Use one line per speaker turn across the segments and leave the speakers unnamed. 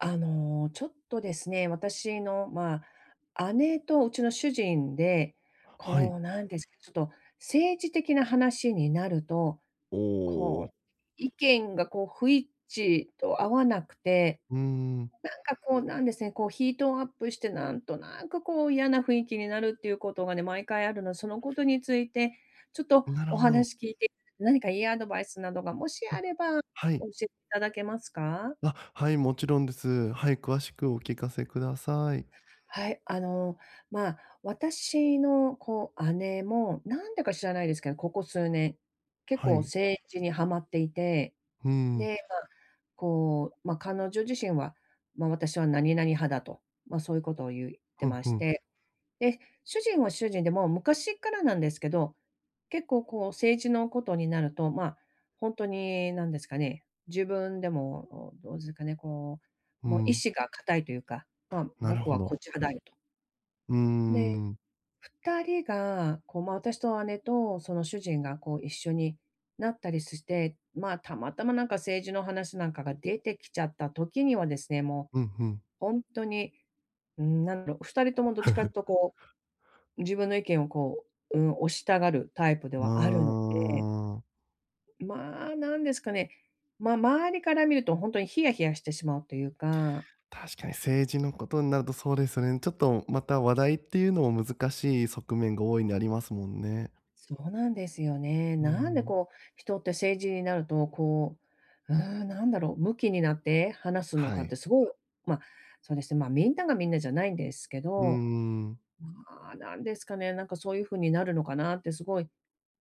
あの、ちょっとですね、私の、まあ、姉とうちの主人で、
はい。
こうなんですか、ちょっと、政治的な話になると、
お
こ
お。
う、意見がこう不一致と合わなくて、
うん。
なんかこう、なんですね、こう、ヒートアップしてなんとなく、こう嫌な雰囲気になるっていうことがね、毎回あるの、そのことについて、ちょっと
なる
お
ほど。
話聞いて、何かいいアドバイスなどがもしあ
あ、
れば、
は
お
い。
教えいただけますか？
あ、はい、もちろんです。はい、詳しくお聞かせください。
はい、あの、まあ、私のこう姉も、なんでか知らないですけど、ここ数年、結
は
構
い。
政治にはまっていて、
ふん。
で、ま、こう、ま、彼女自身は、ま、私は何々派だと、ま、そういうことを言い、って
ふん
ま
ふ
し
ん。
て、で、主人は主人で、もう昔からなんですけど、結構こう政治のことになると、ま、ほんとに、なんですかね、自分でも、おどうずかね、こ
う
う、もう意
ん。
志が固いというか、ま、
なる
僕
ほ
はこっ
ど。
ち派だよと。
うー
で、
ん。
2人が、こう、ま、私と姉と、その、主人がこう一緒になったりすして、まあ、たまたまなんか政治の話なんかが出てきちゃった時にはですね、も
うん、ふん。
う、ほんとに、ん、なんだろう、2人ともどっちかっ とこう、自分の意見をこう、ん、押したがるタイプで
あ
はあるので、
あ。
まあ、なんですかね、ま、周りから見るとほんとにヒヤヒヤしてしまうというか
確かに、政治のことになると、そうですよね。ちょっと、また、話題っていうのも難しい側面が大いにありますもんね。
そうなんですよね。
う
なんで
ん。
こう、人って政治になると、こう、うーん、なんだろう、ムキになって話すの
は
かっ
い。
て、すごいおま、そうですね、まあ、みんながみんなじゃないんですけ
うー
ど、
ん。
ん、まあ、なんですかね、なんかそういう風になるのかなって、すごい、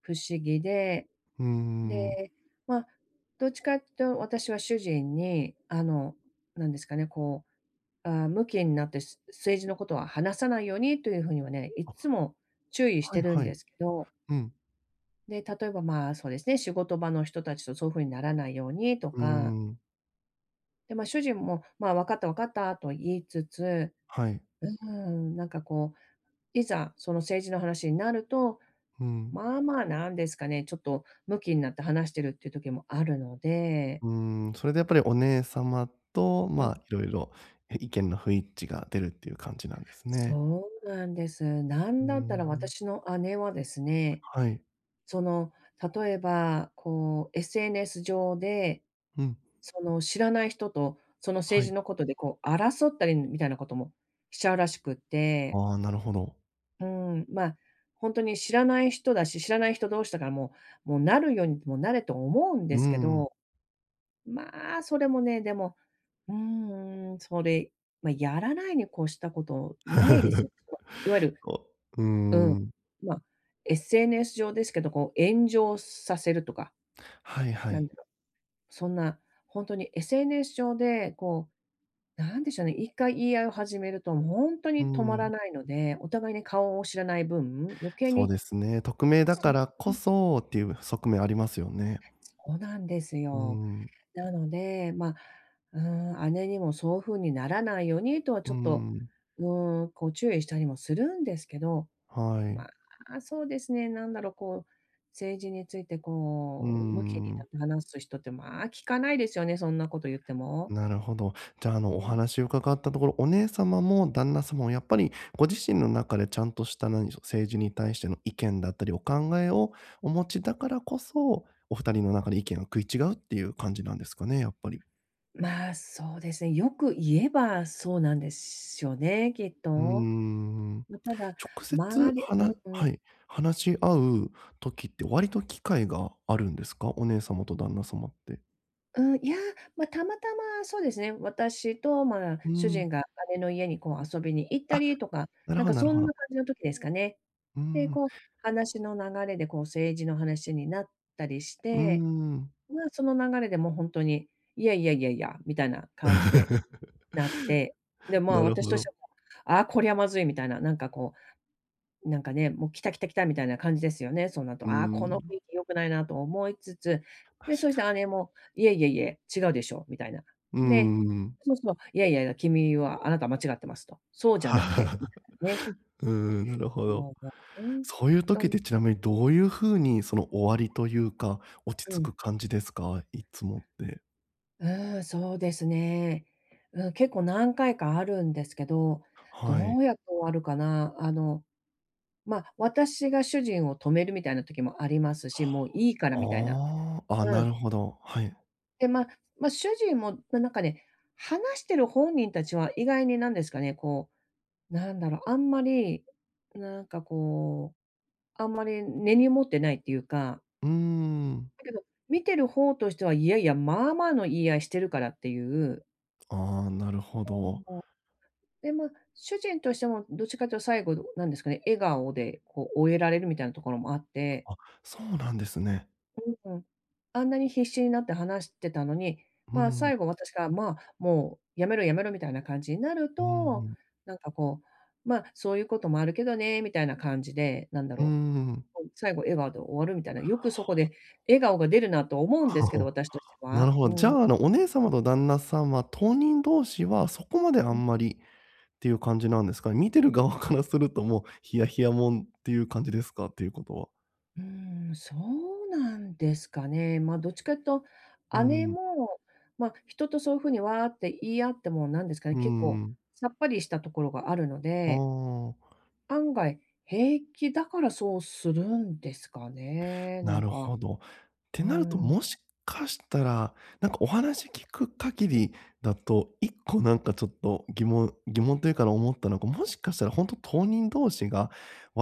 不思議で、
うーん。
で、ま、どっちかってと私は主人に、あの、なんですかね、こう、あ、「ムキんなって、すう政治のことは話さないように」という風にはね、いっ
あ。
つも注意し
はい
てるん
は
で
い。
すけど
うん。
で、例えば、まあ、そうですね、仕事場の人たちとそういう風にならないようにと
うー
か
ん。
で、ま、主人も、まあ、「わかった、わかった」と言いつつ、
はい。
うーん、なんか、こう、いざ、その政治の話になると、
うん。
まあまあ、なんですかね、ちょっとムキになって話してるっていう時もあるので。
うん、それでやっぱりお姉様と、
うん。
ま、色々い意見の不一致が出るっていう感じなんですね。
そうなんです。な
う
ん
ー
だったら
ん。
私の姉はですね、
はい。
その、例えばこう、SNS 上で、
ふん。
その、知らない人と、その、
は
政治
い。
のことで、こう、争ったりみたいなこともしちゃうらしくって。
あ、なるほど。
うん、ま、ほんとに知らない人だし、知らない人同士だからもう、もう、なるようにでもなれと思うんで
う
すけ
ん。
ど、まあ、それもね、でも、うーん、それ、ま、やらないに越したことないですよ [unintelligible] いわゆる
こうー
うん、
ん。
ま、SNS 上ですけど、こう、炎上させるとか。
はいは
なん
い。
だろう、そんなほんとに SNS 上で、こう、なんでしょうね、1回言い合いを始めるともうほんと
うー
に止まら
ん。
ないので、お互いに顔を知らない分、余計
そう
に
ですね、匿名だ
そ
か
う、
ら
う
こ
ん。
そっていう側面ありますよね。
そうなんです
うー
よ。
ん。
なので、ま、うん、姉にもそう風にならないようにとは
うー
ちょっと、
ん。
うん、こう、注意したりもするんですけど、
はい。
まあ、そうですね、なんだろ、こう、政治について、
うー
こう、ムキに
ん。
話す人って、まあ、聞かないですよね、そんなこと言っても。
なるほど。じゃ、あ
う
の、お
ん。
話を伺ったところ、お姉様も旦那様もやっぱりご自身の中でちゃんとした、何でしょう、政治に対しての意見だったり、お考えをお持ちだからこそ、お2人の中で意見を食い違うっていう感じなんですかね、やっぱり。
まあ、そうですね、よく言えばそうなんでしょ、ね、きっ
うー
と。
ん、
ま、ただ、
直接
周り
は
う
な
んうん。
はい、話し合う時って割と機会があるんですか？お姉様と旦那様って。
うーん、いや、ま、たまたま、そうですね、私と、ま、
う
主
ん。
人が姉の家にこう遊びに行った
あ、
りとか、
なる
なん
ほど
か
なる
そ
ほ
ん
ど。
な感じの時ですかね。
うー
で、
ん。
こう、話の流れでこう政治の話になったりし
うー
て。
ん。
ま、その流れでも本当に、いやいやいやいや、みたいな感じでなっ て。で、
な
ま、
る
私
ほ
として
ど。
は、あ、こりゃまずいみたいな、なんかこう、なんかね、もう来た来た来たみたいな感じですよね、そうなる
う
と。ああ、この
ん。
雰囲気良くないなと思いつつ、
確
で、そし
か
て
に。
姉もいえいえいえ、違うでしょうみたいな。
うー
で、
ん。
そもそも、いやいやいや、君は、あなたは間違っていますと。そうじゃなくて、みたい なね。
うーん、なるほど。
もう、もう本
そういう時っ
当。
てちなみにどういう風にその終わりというか、落ち
う
着
ん。
く感じですか？いつもって。
うーん、そうですね。うん、結構何回かあるんですけど、
はい。
どうやって終わるかな、あの、ま、私が主人を止めるみたいな時もありますし、もういいからみたいな。
はあ。ああ、あ、
う
な
ん。
るほど、はい。
で、まま、主人も、ななんかね、話してる本人たちは意外になんですかね、こう、なんだろう、あんまりなんかこう、あんまり根に持ってないっていうか。
うーん。
だけど、見てる方としては、いやいや、まあまあの言い合いしてるからっていう。
ああ、なるほ
[unintelligible] うん、
ど。
ぼ、で、ま、主人としてもどっちかっていうと最後、うなんですかね、笑顔でこう終えられるみたいなところもあって
あ、そうなんですね。
うん、は、あんなに必死になって話してたのに、
う
ま、
ん。
最後私が、ま、もうやめろやめろみたいな感じになる
うー
と、
ん。
なんかこう、ま、そういうこともあるけどね、みたいな感じで、なんだ
う
ろう、
ん。
こう、最後笑顔で終わるみたいな、
は
よくそこ
あ。
で笑顔が出るなと思うんですけど、私として
な
は。
るほ
う
ど。じ
ん。
ゃ、あの、お姉様と旦那さんは当人同士はそこまであ
うん。
んまりっていう感じなんですか？見てる側からすると、もうヒヤヒヤもんっていう感じですか？っていうことは。
うーん、そうなんですかね。ま、どっちかっと、
う
姉
ん。
も、ま、人とそう風にわあって言い合っても、なんですか
う
ね、
ー
結構
ん。
さっぱりしたところがあるの
あ
で
あ。
案外、平気だからそうするんですかね、な
な
ん
る
か、
ほど。て
う
なると、
ん。
もしかしたら、なんかお話聞く限りだと、一個なんかちょっと疑問疑問というか、あの、思ったのが、もしかしたらほんと、当人同士が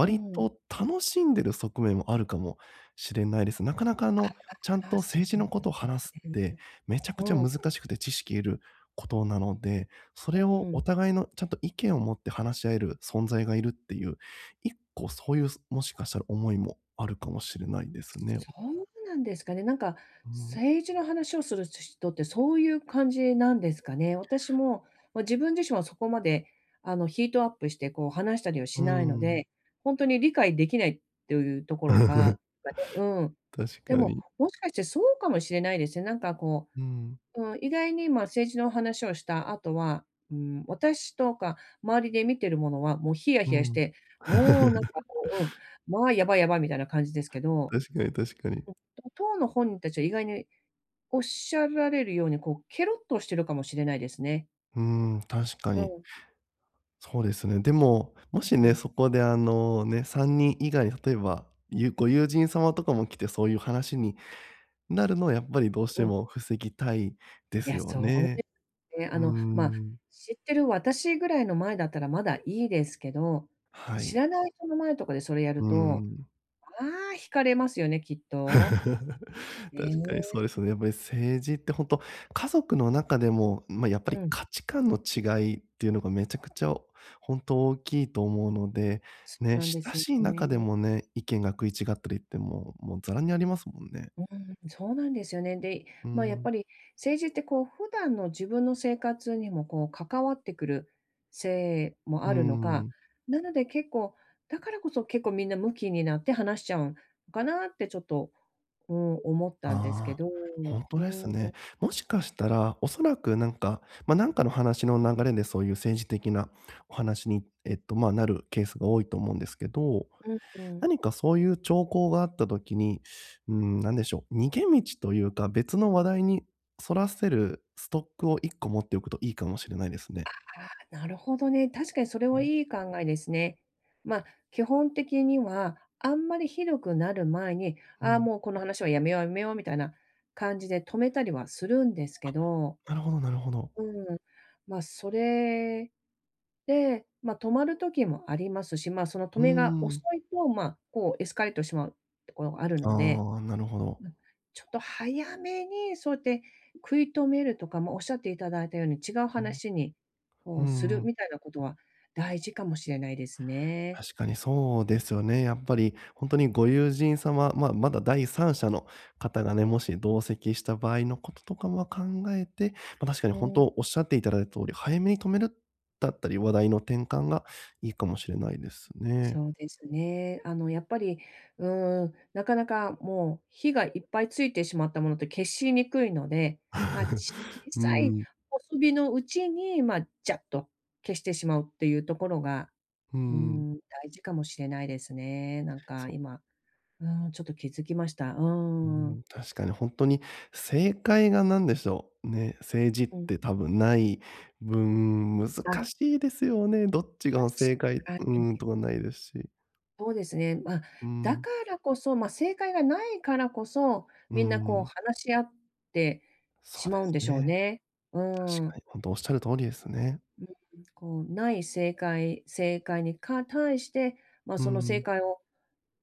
うん。
と楽しんでる側面もあるかもしれないです。なかなかあの、ちゃん
あ
と
あ、そ
政治
う
の
で
事を
すね。
話すってめちゃくち
う
ゃ
ん。
難しくて知識いる事なので、そ
う
れをお
ん。
互いの、ちゃんと意見を持って話し合える存在がいるっていう、一個そういう、そもしかしたら思いもあるかもしれないですね。
そうなんですかね、なんか、
うん。
政治の話をするし人ってそういう感じなんですかね。私も、ま、自分自身はそこまで、あの、ヒートアップして、こう、話したりは
うー
しないの
ん。
で、ほんとに理解できないというところが ま、ね、うん。
確
で
か
も、
に。
もしかしてそうかもしれないですね。なんかこ
うん。
う、うん。意外に、ま、政治の話をした後は、うん、私とか周りで見てる者は、もうヒヤ
う
ヒヤし
ん。
て、もうなんか こう、うん、ま、やばいやばいみたいな感じですけど、
確かに、確か
う
に。
ん、と当の本人たちは意外におっしゃられるように、こうケロッとしてるかもしれないですね。
うん、確か
う
に。
ん。
そうですね。でも、もし
う
ね、
ん。
そこであのね、3人以外、例えば、ゆご友人様とかも来てそういう話に、なるのはやっぱりどうし
う
て
ん。
も防ぎたいで
い
す
や、
よ
そう
ね。
ですね。
う
あ
ー
の、ま、
ん。
知ってる私ぐらいの前だったらまだいいですけど、
は
知
い。
らない人の前とかでそれや
う
ると、
ん。
まあ、引かれますよね、きっと。ね
確かにそ
え。
うですよね。やっぱり政治って本当、家族の中でも、ま、やっぱ
う
り
ん。
価値観の違いっていうのがめちゃくちゃ、本当大きいと思うので、
そう
ね、
なんで
親
すよ
しい中で
ね。
もね、意見が食い違ったりっても、もうざらにありますもんね。
うーん、そうなんですよね。で、
うー
まあ、やっぱ
ん。
り、政治ってこう普段の自分の生活にもこう関わってくる、せいも
ふ
あるのか、
ん。
なので結構、だからこそ結構みんなムキになって話しちゃうのかなってちょっと、うん、思ったんですけ
ああ、
ど、
本当で
う
す
ん。
ね。もしかしたら、恐らく、なんか、ま、なんかの話の流れでそういう政治的な、お話に、えっと、ま、なるケースが多いと思うんですけど、
うんうん。
何かそういう兆候があった時に、ん、何でしょう、逃げ道というか、別の話題にそらせる、ストックを1個持っておくといいかもしれないですね。
あ、なるほどね、確かにそれ
う
は
ん。
いい考えですね。ま、基本的には、あんまりひどくなる前に、
う
あ、
ん。
もうこの話はやめようやめようみたいな、感じで止めたりはするんですけ
あ、
ど、
なるほどなるほど。
うん、まあ、それで、ま、止まる時もありますし、ま、その止
うー
めが遅
ん。
いと、ま、こうエスカレートしまう、ところがあるので、
ああ、なるほど。
うん、ちょっと早めに、そうやって食い止めるとか、もおっしゃっていただいたように、違う
ふん、
話に
ふ
こ
ー
うする
ん。
みたいなことは大事かもしれないですね。
確かにそうですよね。やっぱり、本当にご友人様、ま、まだ第三者の方がね、もし同席した場合の事とかも考えて、ま、確かに
う
本
ーん、
当
う
おっ
ん。
しゃっていただいた通り、早めに止める、だったり、話題の転換がいいかもしれないですね。
そうですね。あのやっぱり、うーん、なかなかもう、火がいっぱいついてしまったものって消しにくいので、ま、小
う
さい、
ん。
細火のうちに、ま、じゃっと、消してしまうっていうところが、
う
うー
ん。
ん、大事かもしれないですね。なんか
そう。
今、うーん、ちょっと気づきました。うー
うん、
ん。
確かに本当に正解が何でしょう、ね、政治っ
うん。
て多分ない分、難
あ。
しいですよね。どっちが
確
正解、
か
ん、
に。
とかないですし。
そうですね。ま、
う
だ
ん。
からこそ、ま、正解がないからこそ、
う
みんなこう
ん。
話し合って
そう
しま
で
うん
す
でしょう
ね。
ね。う
確か
ん。
に、本当おっしゃる通りですね。
うん、こう、ない正解、正解にか対して、ま、
う
その正
ん。
解を、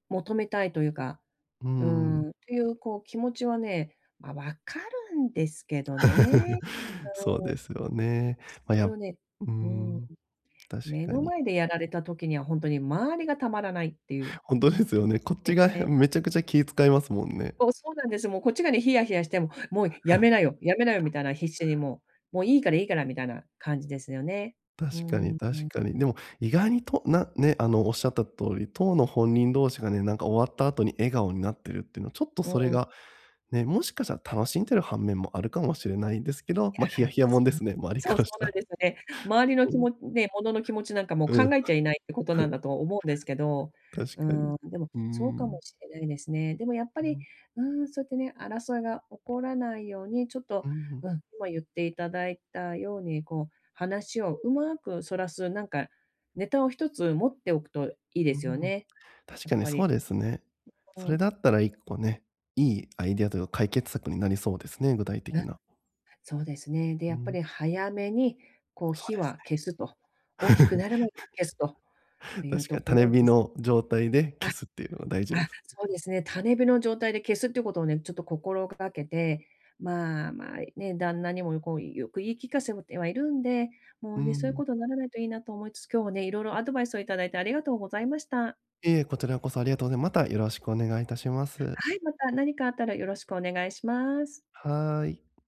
求めたいというか、
う
う
ん。
ーん、という、こう気持ちはね、ま、わかるんですけどね。
そう
うん。
ですよね。ま、
それ
や
をね、
う
うん、
ん、確
目
か
の
に。
前でやられた時には本当に周りがたまらないっていう。
本当ですよね。こっちがへ
ね。
めちゃくちゃ気使いますもんね。
そう、そうなんです。もうこっちがね、ヒヤヒヤしても、もうやめなよ、やめなよみ たいな、必死にもう、もういいからいいからみたいな感じですよね。うー
確かに
ん、う
確
ん。
かに。でも意外にとなね、あの、おっしゃった通り、当の本人同士がね、なんか終わった後に笑顔になってるっていうのは、ちょっと
う
それ
ん。
が、ね、もしかしたら楽しんでる半面もあるかもしれないんですけど、ま、ヒ
い
ヤ
や、
ヒヤもん
す
で
うん、
すね、周りか
そう、
ら
そ
し
う
た
なん
ら。
ですよね。周りの
う
気
ん。
持ち、ね、者の気持ちなんかもう
う
考
ん。
えちゃいないってことな んだと思うんですけど、
確
うー
かに。
ん、でも
うー
そうかも
ん。
しれないですね。でもやっぱ
う
り、
ん。
うーん、そうやってね、争いが起こらないように、ちょっ
う
と、
ーん。
うん、今言っていただいたように、こう話をうまくそらす、なんかネタを1つ持っておくといいで
うー
すよ
ん、
ね。
確
やっ
かに
ぱ
そう
り。
ですね。
う
それ
ん。
だったら1個ね、いいアイデアというか解決策になりそうですね、具体
う
的
ん、
な。
そうですね。で、
う
やっぱ
ん。
り早めにこう
そう
火
で
は
す
消すと。大きく
ね。
なる前に消すと、という
確か
と
に
こ
種
ろ
火
です。
の状態で
あ
消すっていうのが大事で
あ、
す。
そうですね。種火の状態で消すっていうことをね、ちょっと心がけて、まま、ね、旦那にもこうよく言い聞かせてはいるんで、も
う
うね、そういう
ん。
ことにならないといいなと思いつつ、今日もね、いろいろアドバイスをいただいてありがとうございました。
いえ、こちらこそありがとうございます。またよろしくお願いいたします。
はい、また何かあったらよろしくお願いします。
はい。